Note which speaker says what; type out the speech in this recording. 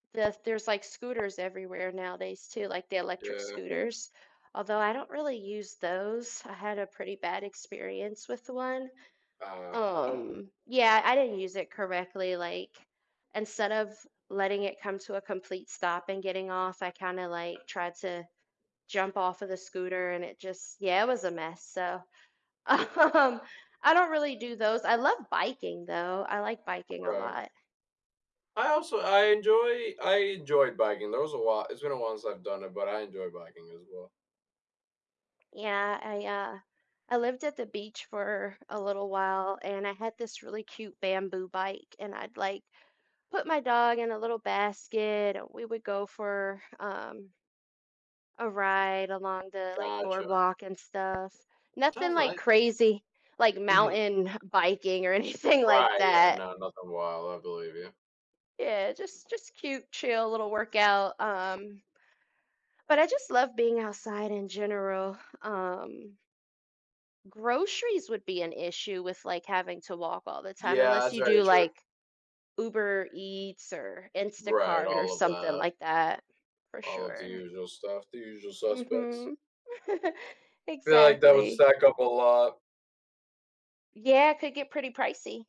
Speaker 1: The there's, like, scooters everywhere nowadays too, like, the electric
Speaker 2: Yeah.
Speaker 1: scooters. Although, I don't really use those, I had a pretty bad experience with one,
Speaker 2: Uh
Speaker 1: um yeah, I didn't use it correctly, like, instead of letting it come to a complete stop and getting off, I kinda, like, tried to jump off of the scooter and it just yeah, it was a mess, so, um, I don't really do those, I love biking, though, I like biking a
Speaker 2: Right.
Speaker 1: lot.
Speaker 2: I also I enjoy I enjoy biking, there was a lot it's been a while since I've done it, but I enjoy biking, as well.
Speaker 1: Yeah, I, uh I lived at the beach for a little while, and I had this really cute bamboo bike, and I'd, like, put my dog in a little basket, we would go for, um a ride along the, like,
Speaker 2: Gotcha.
Speaker 1: boardwalk and stuff. Nothing
Speaker 2: Sounds
Speaker 1: like
Speaker 2: nice.
Speaker 1: crazy, like
Speaker 2: Mhm.
Speaker 1: mountain biking or anything like
Speaker 2: Right, yeah,
Speaker 1: that.
Speaker 2: no, nothing wild, I believe you.
Speaker 1: Yeah, just just cute, chill, little workout, um but, I just love being outside in general, um Groceries would be an issue with, like, having to walk all the time,
Speaker 2: Yeah,
Speaker 1: unless
Speaker 2: that's
Speaker 1: you
Speaker 2: very
Speaker 1: do,
Speaker 2: true.
Speaker 1: like, Uber Eats, or
Speaker 2: Right,
Speaker 1: Instacart, or
Speaker 2: all of
Speaker 1: something
Speaker 2: that.
Speaker 1: like that, for
Speaker 2: All of the
Speaker 1: sure.
Speaker 2: usual stuff the usual suspects.
Speaker 1: Mhm.
Speaker 2: Feel like that would
Speaker 1: Exactly.
Speaker 2: stack up a lot.
Speaker 1: Yeah, it could get pretty pricey.